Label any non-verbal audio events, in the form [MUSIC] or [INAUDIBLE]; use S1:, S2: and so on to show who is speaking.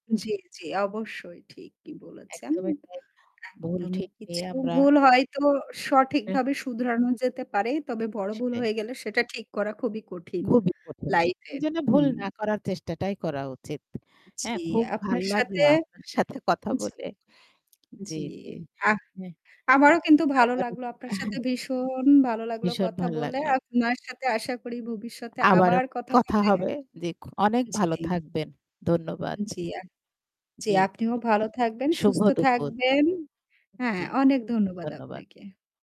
S1: জ্বী, জ্বী, অবশ্যই ঠিকই বলেছেন।
S2: একদমই তাই ভুল
S1: একদমই
S2: ঠিক নিই,
S1: কিছু
S2: আমরা
S1: ভুল হয়তো
S2: এ
S1: সঠিকভাবে শুধরানো যেতে পারে। তবে বড় ভুল
S2: সেটাই।
S1: হয়ে গেলে সেটা ঠিক করা খুবই কঠিন।
S2: খুবই কঠিন।
S1: লাইফ
S2: সে
S1: এ
S2: জন্য যেন ভুল
S1: হুম।
S2: না করার চেষ্টাটাই করা উচিত। হ্যাঁ
S1: জ্বি,
S2: খুব ভাল
S1: আপনার
S2: লাগলো
S1: সাথে
S2: আপনার সাথে কথা
S1: জি
S2: বলে জী,
S1: জ্বী।
S2: জী।
S1: আহ!
S2: হ্যা।
S1: আমারও কিন্তু ভালো
S2: [UNINTELLIGIBLE]
S1: লাগলো আপনার
S2: অ্যাঁ হ্যা।
S1: সাথে ভীষণ ভালো লাগলো
S2: ভীষণ
S1: কথা
S2: ভালো
S1: বলে।
S2: লাগল।
S1: আপনার সাথে আশা করি ভবিষ্যতে
S2: আবারও
S1: আবার কথা
S2: কথা
S1: হবে।
S2: হবে, জি অনেক ভালো
S1: জ্বী।
S2: থাকবেন। ধন্যবাদ।
S1: জ্বি আ জ্বি
S2: জি,
S1: আপনিও ভালো থাকবেন,
S2: শুভ
S1: সুস্থ
S2: দুপুর
S1: থাকবেন। হ্যাঁ,
S2: জ্বী।
S1: অনেক ধন্যবাদ
S2: ধন্যবাদ।
S1: আপনাকে।